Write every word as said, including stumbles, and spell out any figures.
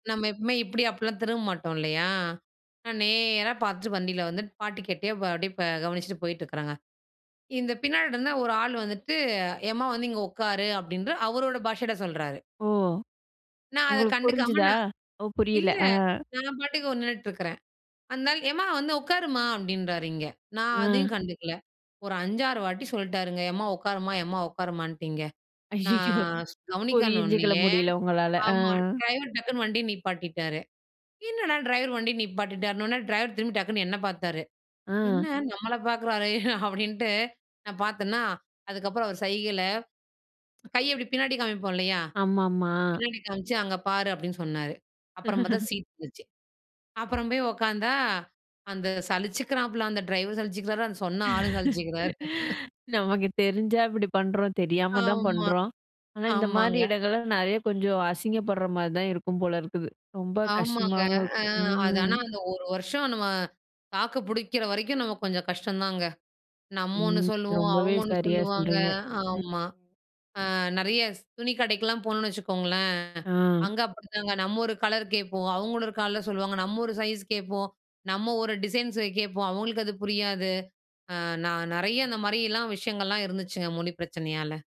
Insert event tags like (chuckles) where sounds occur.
நம்ம எப்பவுமே இப்பிடி அப்டிலாம் திரும்ப மாட்டோம் இல்லையா? நான் நேரா பார்த்துட்டு வண்டில வந்துட்டு பாட்டு கேட்டே வ அப்பிடியே ப கவனிச்சுட்டு போயிட்டு இருக்கிறங்க. இந்த பின்னாடி இருந்த ஒரு ஆள் வந்துட்டு ஏம்மா, வந்து இங்க உக்காரு அப்பிடின்ற அவரோட பாஷையில சொல்றாரு. ஓ! நான் அத உங்களுக்கு கண்டுக்காம புரிஞ்சுதா? நான் ஓ! புரியல. இல்ல, ஆ. நான் பாட்டுக்கு ஒ நின்னுட்டு இருக்கிறேன். அந்த ஆள், ஏம்மா, வந்து உட்காரும்மா, அப்பிடின்றாரு இங்க. நான் ஆ. அதையும் கண்டுக்கல. ஒரு அஞ்சு ஆறு வாட்டி சொல்ட்டாருங்க, எம்மா உக்காரும்மா எம்மா உக்காரும்மான்டு இங்க. ஐயய்யோ! நான் ஸ் கவனிக்கன் புரிஞ்சிக்க உன்னயே முடியல உங்களால, ஆ. ஆமா. டிரைவர் டக்குன்னு வண்டிய நிப்பாட்டிட்டாரு. என்னடா டிரைவர் வண்டிய நிப்பாட்டிட்டாருன்னவுனே, டிரைவர் திரும்பி டக்குனு என்ன பார்த்தாரு. என்ன ஆ. நம்மள பார்க்குறாரே, (chuckles) அப்பிடின்ட்டு நான் பார்த்தன்னா, அதுக்கப்பறம் அவரு சைகையில கைய இப்பிடி பின்னாடி காமிப்போம் இல்லையா? ஆமாமா. பின்னாடி காமிச்சு, "அங்க பாரு" அப்பிடின்னு சொன்னாரு. அப்பறம் பாத்தா (chuckles) சீட் இருந்துச்சு, அப்புறம் போய் உட்கார்ந்தா அந்த சலிச்சிக்கிறாப்ல, அந்த டிரைவர் சலிச்சிக்கிறாரு. அந்த சொன்ன ஆளும் (laughs) சலிச்சிக்கிறாரு. நமக்கு தெரிஞ்சா இப்பிடி பண்றோம்? தெரியாம தான் ஆமா. பண்றோம். ஆனா, இந்தமாரி ஆமாங்க. இடங்கள்ல நெறைய கொஞ்சம் அசிங்கப்பட்றமாரி தான் இருக்கும் போல இருக்குது. ரொம்ப ஆமாங்க. கஷ்டமாவும் அ, இருக்கும். அது ஆனா, ம் அந்த ஒரு வருஷம் நம்ம தாக்கு புடிக்கிறவரைக்கும் நமக்கு கொஞ்சம் கஷ்டம்தாங்க. நம்ம ஒண்ணு ம். சொல்லுவோம், ரொம்பவே அவுங்க ஒண்ணு சரியா சொல்லுவாங்க. சொல்றீங்க. ம். ஆமா. ஆ, நெறைய ஸ் துணி கடைக்கெல்லாம் போனோன்னு வச்சுக்கோங்களேன், ஆ. அங்க அப்பிடிதாங்க. நம்ம ஒரு கலர் கேட்போம். அவுங்க ஒரு கால்ல சொல்லுவாங்க. நம்ம ஒரு சைஸ் கேட்போம். நம்ம ஒரு டிசைன்ஸ்ஸ கேட்போம், அவுங்களுக்கு அது புரியாது. ஆ, நான் நெறைய அந்தமாரி எல்லாம் விஷயங்கள்லாம் இருந்துச்சுங்க, மொழி பிரச்சனையால.